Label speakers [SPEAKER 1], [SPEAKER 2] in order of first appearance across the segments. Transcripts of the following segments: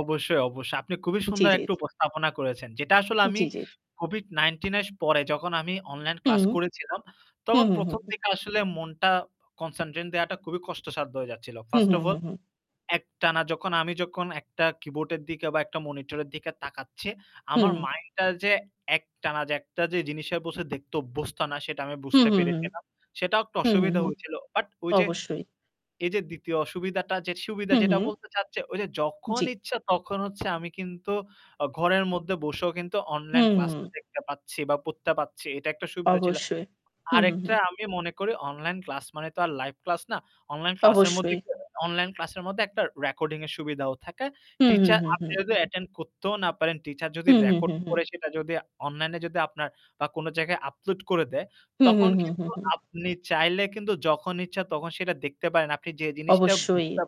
[SPEAKER 1] অবশ্যই, অবশ্যই। আপনি খুবই
[SPEAKER 2] জ্বি, জ্বি,
[SPEAKER 1] সুন্দর
[SPEAKER 2] জ্বি।
[SPEAKER 1] একটা উপস্থাপনা করেছেন। যেটা আসলে
[SPEAKER 2] জ্বি,
[SPEAKER 1] আমি
[SPEAKER 2] জ্বি, জ্বি।
[SPEAKER 1] COVID-19 এর পরে যখন আমি অনলাইন ক্লাস
[SPEAKER 2] হুম।
[SPEAKER 1] করেছিলাম
[SPEAKER 2] হু,
[SPEAKER 1] তখন
[SPEAKER 2] হু,
[SPEAKER 1] ১ম
[SPEAKER 2] হু।
[SPEAKER 1] দিকে আসলে মন কনসেনট্রেট দেওয়াটা খুবই কষ্টসাধ্য হয়ে যাচ্ছিল।
[SPEAKER 2] হু,
[SPEAKER 1] first
[SPEAKER 2] who,
[SPEAKER 1] of
[SPEAKER 2] who,
[SPEAKER 1] all
[SPEAKER 2] হু।
[SPEAKER 1] একটানা যখন আমি যখন একটা কিবোর্ডের দিকে বা একটা মনিটরের দিকে তাকাচ্ছে আমার
[SPEAKER 2] হুম।
[SPEAKER 1] মাইন্ডটা যে একটানা যে একটা যে জিনিসের বসে দেখতে অভ্যস্ত না সেটা আমি
[SPEAKER 2] হু,
[SPEAKER 1] বুঝতে
[SPEAKER 2] হু, হু।
[SPEAKER 1] পেরেছিলাম। সেটাও একটু
[SPEAKER 2] হু, হু,
[SPEAKER 1] অসুবিধা
[SPEAKER 2] হু
[SPEAKER 1] হয়েছিল। বাট ওই যে
[SPEAKER 2] অবশ্যই।
[SPEAKER 1] এই যে ২য় অসুবিধাটা যে সুবিধা
[SPEAKER 2] হু,
[SPEAKER 1] যেটা
[SPEAKER 2] হু।
[SPEAKER 1] বলতে চাচ্ছে, ওই যে যখন
[SPEAKER 2] জ্বী।
[SPEAKER 1] ইচ্ছা তখন হচ্ছে আমি কিন্তু অ ঘরের মধ্যে বসেও কিন্তু অনলাইন ক্লাসটা
[SPEAKER 2] হু।
[SPEAKER 1] দেখতে পাচ্ছি বা পড়তে পাচ্ছি। এটা একটা সুবিধা ছিল।
[SPEAKER 2] অবশ্যই, হু, হু, হু।
[SPEAKER 1] আরেকটা আমি মনে করি অনলাইন ক্লাস মানে তো আর লাইভ ক্লাস না। অনলাইন ক্লাসের মধ্যে
[SPEAKER 2] অবশ্যই।
[SPEAKER 1] কি অনলাইন ক্লাসের মধ্যে একটা রেকর্ডিং এর সুবিধাও থাকে।
[SPEAKER 2] হু, হু,
[SPEAKER 1] টিচার
[SPEAKER 2] হু,
[SPEAKER 1] আপনি
[SPEAKER 2] হু।
[SPEAKER 1] যদি অ্যাটেন্ড করতেও না পারেন, টিচার যদি
[SPEAKER 2] হু, হু, হু,
[SPEAKER 1] রেকর্ড
[SPEAKER 2] হু।
[SPEAKER 1] করে সেটা যদি অনলাইনে যদি আপনার বা কোন জায়গায় আপলোড করে দেয়
[SPEAKER 2] হু, হু,
[SPEAKER 1] তখন
[SPEAKER 2] হু, হু,
[SPEAKER 1] কিন্তু
[SPEAKER 2] হু।
[SPEAKER 1] আপনি চাইলে কিন্তু যখন ইচ্ছা তখন সেটা দেখতে পারেন। আপনি যে জিনিসটা
[SPEAKER 2] অবশ্যই।
[SPEAKER 1] বুঝতে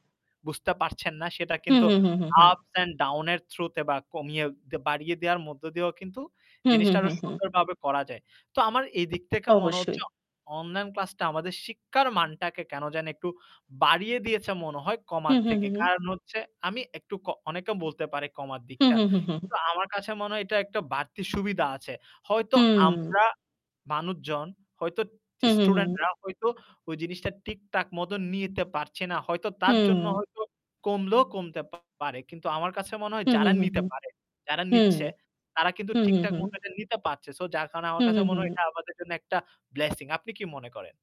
[SPEAKER 1] বুঝতে পারছেন না সেটা
[SPEAKER 2] হু,
[SPEAKER 1] কিন্তু
[SPEAKER 2] হু, হু, হু, হু।
[SPEAKER 1] ups and down এর থ্রুতে বা কমিয়ে বাড়িয়ে দেওয়ার মধ্য দিয়েও কিন্তু
[SPEAKER 2] হু, হু,
[SPEAKER 1] জিনিসটা
[SPEAKER 2] হু,
[SPEAKER 1] আরো
[SPEAKER 2] হু।
[SPEAKER 1] সুন্দরভাবে করা যায়। তো আমার এদিক থেকে মনে
[SPEAKER 2] অবশ্যই।
[SPEAKER 1] হচ্ছে অ অনলাইন ক্লাসটা আমাদের শিক্ষার মানটাকে কেন জানি একটু বাড়িয়ে দিয়েছে মনে হয়
[SPEAKER 2] হু,
[SPEAKER 1] কমার
[SPEAKER 2] হু,
[SPEAKER 1] থেকে।
[SPEAKER 2] হু, হু।
[SPEAKER 1] কারণ হচ্ছে আমি একটু ক অনেকে বলতে পারে কমার
[SPEAKER 2] হু,
[SPEAKER 1] দিকটা।
[SPEAKER 2] হু, হু, হু।
[SPEAKER 1] কিন্তু আমার কাছে মনে হয় এটা একটা বাড়তি সুবিধা আছে। হয়তো আমরা
[SPEAKER 2] হুম।
[SPEAKER 1] মানুষজন হয়তো
[SPEAKER 2] হু, হু, হু।
[SPEAKER 1] স্টুডেন্টরা হয়তো ওই জিনিসটা ঠিক-ঠাক মত নিতে পারছে না। হয়তো তার জন্য
[SPEAKER 2] হুম।
[SPEAKER 1] হইলেও কমলেও কমতে পারে। কিন্তু আমার কাছে মনে হয়
[SPEAKER 2] হু, হু,
[SPEAKER 1] যারা
[SPEAKER 2] হু,
[SPEAKER 1] নিতে পারে, যারা
[SPEAKER 2] হু,
[SPEAKER 1] নিচ্ছে তারা কিন্তু
[SPEAKER 2] হু, হু,
[SPEAKER 1] ঠিক-ঠাক
[SPEAKER 2] হু।
[SPEAKER 1] মতো এটা নিতে পারছে। সো যার কারণে
[SPEAKER 2] হু,
[SPEAKER 1] আমার
[SPEAKER 2] হু,
[SPEAKER 1] কাছে
[SPEAKER 2] হু,
[SPEAKER 1] মনে হয় এটা
[SPEAKER 2] হু।
[SPEAKER 1] আমাদের জন্য একটা blessing। আপনি কি মনে করেন?